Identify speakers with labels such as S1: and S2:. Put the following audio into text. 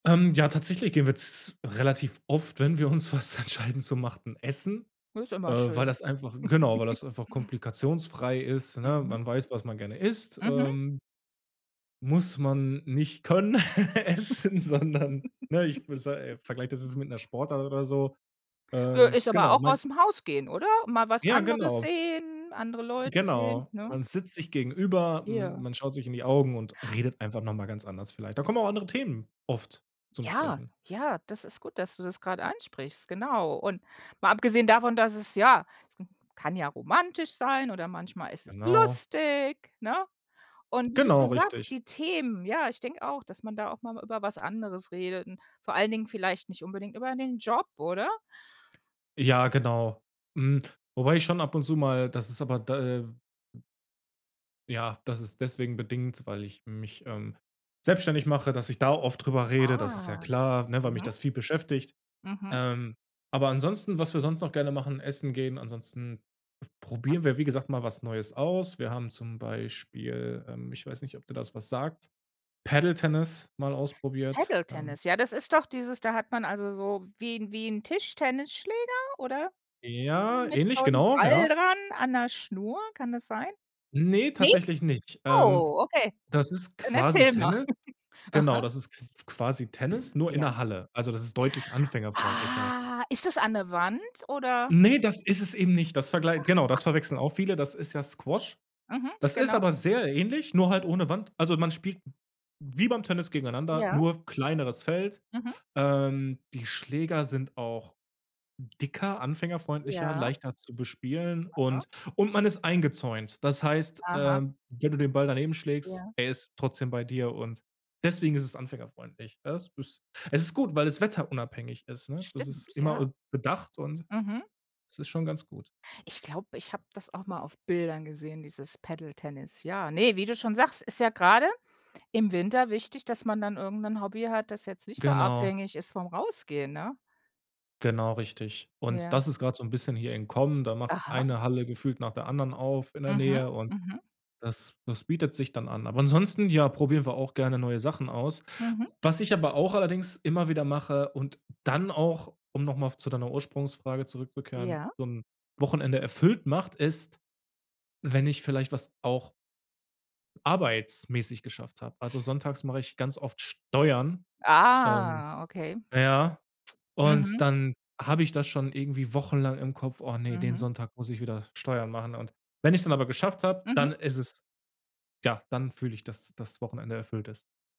S1: Ähm, ja, tatsächlich gehen wir z relativ oft, wenn wir uns was entscheiden zu machen, essen,
S2: Ist ja
S1: äh,
S2: immer
S1: weil
S2: schön.
S1: das einfach genau, weil das einfach komplikationsfrei ist, ne,
S2: Mhm.
S1: man weiß, was man gerne isst,
S2: Mhm.
S1: ähm muss man nicht können essen, sondern, ne, ich v se äh, vergleiche das jetzt mit 'ner Sportart oder so,
S2: Nö,
S1: ähm,
S2: ist aber
S1: genau,
S2: auch
S1: man
S2: aus dem Haus gehen, oder? Mal was
S1: Ja,
S2: anderes
S1: genau.
S2: sehen, andere Leute sehen,
S1: Genau,
S2: ne?
S1: man sitzt sich gegenüber, m
S2: Ja.
S1: man schaut sich in die Augen und redet einfach noch mal ganz anders vielleicht da kommen auch andere Themen oft zum
S2: Ja,
S1: Sprechen.
S2: ja, das ist gut, dass du das grade ansprichst, genau, und mal abgesehen davon, dass es ja, es kann ja romantisch sein oder manchmal ist es
S1: Genau.
S2: lustig, ne, und wie du
S1: Genau,
S2: schon sagst,
S1: richtig.
S2: die Themen ja, ich denke auch, dass man da auch mal über was anderes redet und vor allen Dingen vielleicht nicht unbedingt über den Job, oder?
S1: Ja, genau, mhm, wobei ich schon ab und zu mal das ist aber da, äh Ja, das ist deswegen bedingt, weil ich mich, ähm, selbstständig mache, dass ich da oft drüber rede, das ist ja
S2: Ah,
S1: klar, ne, weil mich
S2: mhm.
S1: das viel beschäftigt,
S2: Mhm.
S1: ähm, aber ansonsten, was wir sonst noch gerne machen, essen gehen, ansonsten probieren wir, wie gesagt, mal was Neues aus wir haben zum Beispiel, ähm, ich weiß nicht, ob dir da was sagt, Paddle-Tennis mal ausprobiert, ähm
S2: Paddle-Tennis, ja, das ist doch dieses da hat man also so wie 'n wie 'n Tischtennisschläger oder?
S1: Ja,
S2: Mit
S1: ähnlich,
S2: so 'n
S1: genau,
S2: Ball
S1: ja.
S2: dran an 'ner Schnur, kann das sein?
S1: Ne,
S2: Ne?
S1: tatsächlich nicht, ähm,
S2: Oh, okay,
S1: das ist
S2: dann
S1: quasi
S2: erzähl mal.
S1: Tennis, genau,
S2: Aha.
S1: das ist q quasi Tennis, nur in
S2: Ja.
S1: 'ner Halle, also das ist deutlich anfängerfreundlicher.
S2: Ah, ist das an 'ne Wand oder?
S1: Ne, das ist es eben nicht, das verglei genau,
S2: Aha.
S1: das verwechseln auch viele. Das ist ja Squash.
S2: Mhm,
S1: Das ist
S2: genau.
S1: aber sehr ähnlich, nur halt ohne Wand, also, man spielt wie beim Tennis gegeneinander,
S2: Ja.
S1: nur kleineres Feld,
S2: Mhm.
S1: ähm, die Schläger sind auch dicker, anfängerfreundlicher,
S2: Ja.
S1: leichter zu bespielen
S2: Aha.
S1: und und man ist eingezäunt, das heißt, äh,
S2: Aha.
S1: wenn du den Ball daneben schlägst,
S2: Ja.
S1: er ist trotzdem bei dir und deswegen ist es anfängerfreundlich [unintelligible] es ist gut, weil es wetterunabhängig ist, ne, das ist
S2: Stimmt,
S1: immer
S2: ja.
S1: üb bedacht, und
S2: Mhm.
S1: es ist schon ganz gut.
S2: Ich glaube, ich habe das auch mal auf Bildern gesehen, dieses Paddle-Tennis, ja, ne, wie du schon sagst, ist ja grade im Winter wichtig, dass man dann irgend 'nen Hobby hat, das jetzt nicht so
S1: Genau.
S2: abhängig ist vom Rausgehen, ne?
S1: Genau, richtig, und
S2: Ja.
S1: das ist grad so 'n bisschen hier im Kommen, da macht
S2: Aha.
S1: eine Halle gefühlt nach der anderen auf in der
S2: Mhm,
S1: Nähe und
S2: mhm.
S1: das das bietet sich dann an, aber ansonsten, ja, probieren wir auch gerne neue Sachen aus.
S2: Mhm.
S1: Was ich aber auch allerdings immer wieder mache und dann auch um noch mal zu deiner Ursprungsfrage zurückzukehren,
S2: Ja.
S1: so 'n Wochenende erfüllt macht, ist, wenn ich vielleicht was auch arbeitsmäßig geschafft habe. Also sonntags mache ich ganz oft Steuern, ähm,
S2: Ah, okay.
S1: na ja, und
S2: Mhm.
S1: dann habe ich das schon irgendwie wochenlang im Kopf: „Oh ne, den
S2: Mhm.
S1: Sonntag muss ich wieder Steuern machen” und wenn ich es dann aber geschafft habe, dann
S2: Mhm.
S1: ist es ja, dann fühle ich, dass das Wochenende erfüllt ist.